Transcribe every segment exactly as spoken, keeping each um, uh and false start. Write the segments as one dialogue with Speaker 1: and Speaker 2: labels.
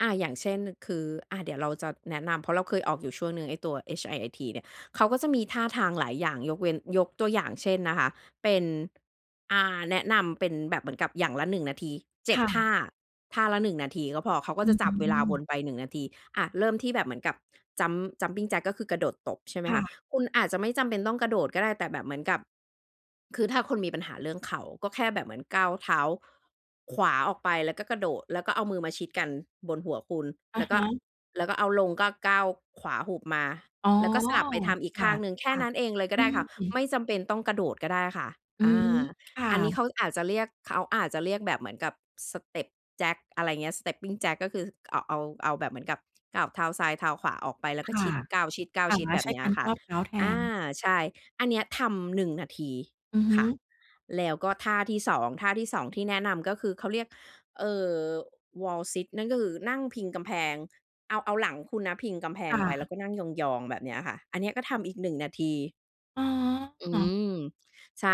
Speaker 1: อา อย่างเช่น คือ อา เดี๋ยวเราจะแนะนำ เพราะเราเคยออกอยู่ช่วงหนึ่งไอ้ตัว HIIT เนี่ย เขาก็จะมีท่าทางหลายอย่าง ยกเว้น ยกตัวอย่างเช่นนะคะ เป็น อ่า แนะนำเป็นแบบเหมือนกับอย่างละ หนึ่ง นาที เจ็
Speaker 2: ค
Speaker 1: ด
Speaker 2: ่
Speaker 1: ท่า
Speaker 2: ะ
Speaker 1: ท่าละ หนึ่ง นาทีก็พอ เขาก็
Speaker 2: อื
Speaker 1: จะจับเวลาวน
Speaker 2: ม
Speaker 1: ไป หนึ่ง นาที อะ เริ่มที่แบบเหมือนกับ Jump Jumping Jack ก็คือกระโดดตบใช่ไหม
Speaker 2: ค
Speaker 1: ค
Speaker 2: ่
Speaker 1: ะ
Speaker 2: ะ
Speaker 1: คุณอาจจะไม่จำเป็นต้องกระโดดก็ได้ แต่แบบเหมือนกับ คือถ้าคุณมีปัญหาเรื่องเข่า ก็แค่แบบเหมือนก้าวเท้าขวาออกไป แล้วก็กระโดด แล้วก็เอามือมาชิดกันบนหัวคุณ
Speaker 2: อ
Speaker 1: แ
Speaker 2: ะ
Speaker 1: ล้ว
Speaker 2: ฮ
Speaker 1: ก็
Speaker 2: ะ
Speaker 1: แล้วก็เอาลงก็ก้าวขวาหุบมา
Speaker 2: อ๋อ
Speaker 1: แล้วก็สลับไปทำอีก
Speaker 2: ค
Speaker 1: ข
Speaker 2: ่
Speaker 1: ้างหนึ่ง แค่
Speaker 2: ะ
Speaker 1: นั้นเองเลยก
Speaker 2: ๆ อ
Speaker 1: ็
Speaker 2: ื
Speaker 1: ได้ค่ะ ไ
Speaker 2: ม
Speaker 1: ม่จำเป็นต้องกระโดดก็ได้ค่ะ
Speaker 2: อื
Speaker 1: อ
Speaker 2: ม
Speaker 1: า
Speaker 2: ค่
Speaker 1: อันนี้
Speaker 2: ะ
Speaker 1: เขาอาจจะเรียก เขาอาจจะเรียกแบบเหมือนกับ Step Jack อะไรเงี้ย Stepping Jack ก็คือเอาะ เอา เอาแบบเหมือนกับก้าวเท้าซ้ายเท้าขวาออกไป แล้ว
Speaker 2: ค
Speaker 1: ก็
Speaker 2: ่
Speaker 1: ช
Speaker 2: ะ
Speaker 1: ิด ก้าว
Speaker 2: อา
Speaker 1: ชิด ๆ แบ
Speaker 2: ใช
Speaker 1: บ
Speaker 2: ้
Speaker 1: เนี้
Speaker 2: ก
Speaker 1: ย
Speaker 2: าร
Speaker 1: ค
Speaker 2: ค
Speaker 1: ่ะ
Speaker 2: วบเท้าแท
Speaker 1: อา
Speaker 2: น
Speaker 1: ใช่ อันเนี้ยทำ หนึ่ง นาที
Speaker 2: อือฮ
Speaker 1: ค
Speaker 2: ึ
Speaker 1: ่ะ แล้วก็ท่าที่ สอง ท่าที่ สอง ที่แนะนำก็คือ เขาเรียก เอ่อ Wall Sit นั่นก็คือนั่งพิงกำแพง เอา เอาหลังคุณนะพิงกำแพ
Speaker 2: ค
Speaker 1: ง
Speaker 2: ่
Speaker 1: ไป แล้
Speaker 2: ะ
Speaker 1: วก็นั่งยอง ๆ แบบเนี้ยค่ะ อันเนี้ยก็ทำอีก หนึ่ง นาที
Speaker 2: อ
Speaker 1: อื
Speaker 2: ๋อ
Speaker 1: ม ใช่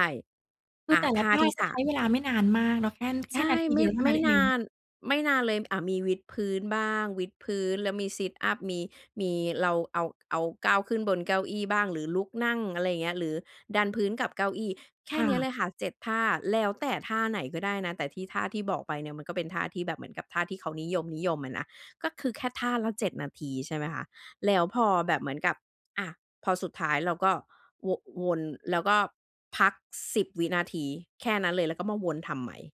Speaker 2: ค
Speaker 1: อ
Speaker 2: ื
Speaker 1: า
Speaker 2: อแต่
Speaker 1: ท
Speaker 2: ละ
Speaker 1: ่า
Speaker 2: ท่า
Speaker 1: ที่
Speaker 2: ก
Speaker 1: ส
Speaker 2: ็
Speaker 1: า
Speaker 2: ใช้เว
Speaker 1: ม
Speaker 2: ลาไม่นานมากเนาะ แคน แค
Speaker 1: ใช
Speaker 2: ่น
Speaker 1: ่
Speaker 2: าที
Speaker 1: ไม
Speaker 2: เด
Speaker 1: ่
Speaker 2: ียวเท่า
Speaker 1: ไ
Speaker 2: น
Speaker 1: ม
Speaker 2: ั้
Speaker 1: ่
Speaker 2: นเ
Speaker 1: น
Speaker 2: อ
Speaker 1: า
Speaker 2: ง
Speaker 1: น ไม่นานเลย อ่า มีวิดพื้นบ้าง วิดพื้นแล้วมี Sit-Up มี มี เรา เอา เอาก้าวขึ้นบนเก้าอี้บ้าง หรือลุกนั่ง อะไรเงี้ย หรือดันพื้นกับเก้าอี้ แค
Speaker 2: ค
Speaker 1: ่
Speaker 2: ่
Speaker 1: เนี้ย
Speaker 2: ะ
Speaker 1: เลยค่ะ เจ็ด ท่า แล้วแต่ท่าไหนก็ได้นะ แต่ที่ ท่าที่บอกไปเนี่ยมันก็เป็นท่าที่แบบเหมือนกับท่าที่เขานิยม ๆ อะนะ ก็คือแค่ท่าละ เจ็ด นาที ใช่ไหมคะ แล้วพอแบบเหมือนกับ อา พอสุดท้ายเราก็โว่ะ วน แล้วก็พัก สิบ วินาที แค่นั้นเลย แล้วก็มาวนทำใหม่